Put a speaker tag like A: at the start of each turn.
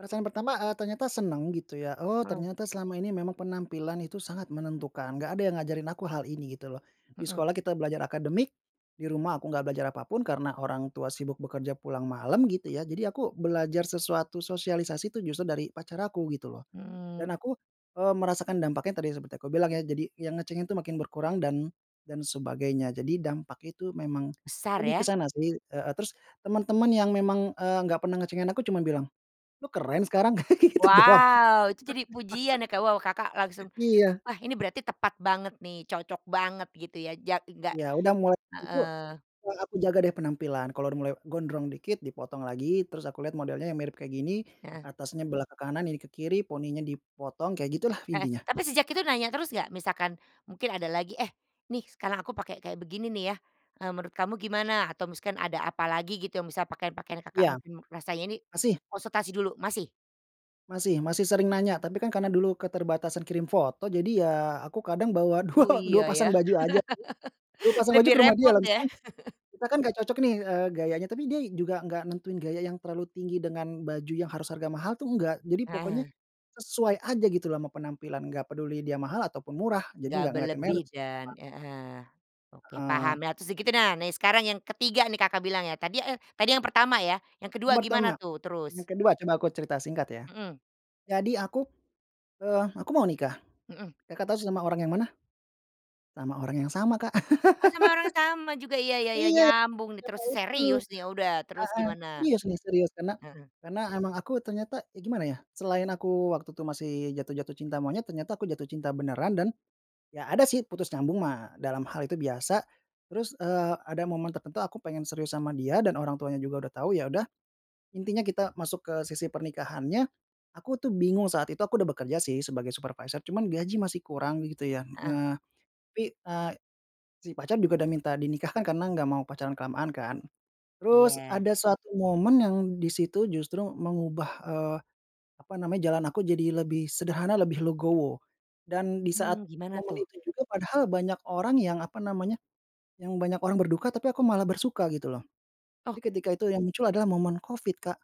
A: Rasa yang pertama, eee, ternyata senang gitu ya oh
B: Mhm.
A: ternyata selama ini memang penampilan itu sangat menentukan gak ada yang ngajarin aku hal ini gitu loh, di
B: Mhm.
A: sekolah kita belajar akademik, di rumah aku gak belajar apa pun karena orang tua sibuk bekerja pulang malam gitu ya jadi aku belajar sesuatu sosialisasi itu justru dari pacar aku gitu loh, dan
B: Mmm.
A: aku, eee, merasakan dampaknya tadi seperti aku bilang ya jadi yang ngecengin itu makin berkurang dan dan sebagainya jadi dampak itu memang,
B: Besar
A: lebih ke
B: ya.
A: sana sih, heeh, terus teman-teman yang memang, eee, enggak pernah ngecengin aku cuman bilang, "Lu keren sekarang" kayak gitu doang.
B: Wow itu jadi pujian ya Kak wow Kakak langsung,
A: Iya.
B: wah ini berarti tepat banget nih cocok banget gitu ya jadi gak,
A: Iya udah mulai itu,
B: heeh.
A: yang aku jaga dari penampilan kalau udah mulai gondrong dikit dipotong lagi terus aku lihat modelnya yang mirip kayak gini,
B: Heeh.
A: atasnya belah ke kanan ini ke kiri poninya dipotong kayak gitulah
B: Heeh,
A: intinya.
B: tapi sejak itu nanya terus gak? Misalkan, mungkin ada lagi, eh, nih sekarang aku pakai kayak begini nih ya, eee, menurut kamu gimana atau misalkan ada apalagi gitu yang bisa pakaian-pakaian Kakak
A: Iya,
B: mungkin rasanya ini,
A: masih.
B: konsultasi dulu masih?
A: Masih masih sering nanya tapi kan karena dulu keterbatasan kirim foto jadi ya aku kadang bawa
B: Oh
A: 2, 2
B: iya ya
A: pasang baju aja, 2 pasang baju
B: lebih
A: ke rumah
B: repot
A: dia lah
B: ya.
A: misalkan, kita kan gak cocok nih, eee, gayanya tapi dia juga nggak nentuin gaya yang terlalu tinggi dengan baju yang harus harga mahal tuh enggak jadi pokoknya,
B: Heeh.
A: sesuai aja gitu loh ama penampilan gak peduli dia mahal ataupun murah jadi
B: Nggak
A: gak ngelihatin
B: berlebih
A: merek sih
B: dan,
A: emang.
B: heeh, oke
A: Heeh.
B: paham tuh segitu nah nah sekarang yang ketiga nih Kakak bilang ya tadi, eh, tadi yang pertama ya yang kedua gimana
A: Pertama,
B: tuh terus?
A: yang kedua coba aku cerita singkat ya,
B: Mhm.
A: jadi aku, eee, aku mau nikah,
B: Mhm.
A: Kakak tahu sama orang yang mana. Sama orang yang sama Kak,
B: Oh sama orang yang sama juga iya iya iya
A: iya karena
B: nyambung nih terus
A: itu, heeh,
B: serius nih ya udah terus gimana?
A: serius nih serius karena
B: Heeh.
A: karena emang aku ternyata ya gimana ya selain aku waktu itu masih jatuh jatuh cinta monyet ternyata aku jatuh cinta beneran dan, ya ada sih putus nyambung mah dalam hal itu biasa, terus, eee, ada momen tertentu aku pengen serius sama dia dan orang tuanya juga udah tahu ya udah, intinya kita masuk ke sisi pernikahannya, aku tuh bingung saat itu aku udah bekerja sih sebagai supervisor cuman gaji masih kurang gitu ya,
B: Heeh.
A: heeh, tapi, eee, si pacar juga udah minta dinikahkan karena gak mau pacaran kelamaan kan, terus
B: Iya.
A: ada suatu momen yang di situ justru mengubah, eee, apa namanya jalan aku jadi lebih sederhana lebih legowo, dan di saat
B: Mmm, gimana
A: momen
B: tuh?
A: itu juga padahal banyak orang yang apa namanya, yang banyak orang berduka tapi aku malah bersuka gitu loh,
B: Oh.
A: jadi ketika itu yang muncul adalah momen Covid, Kak.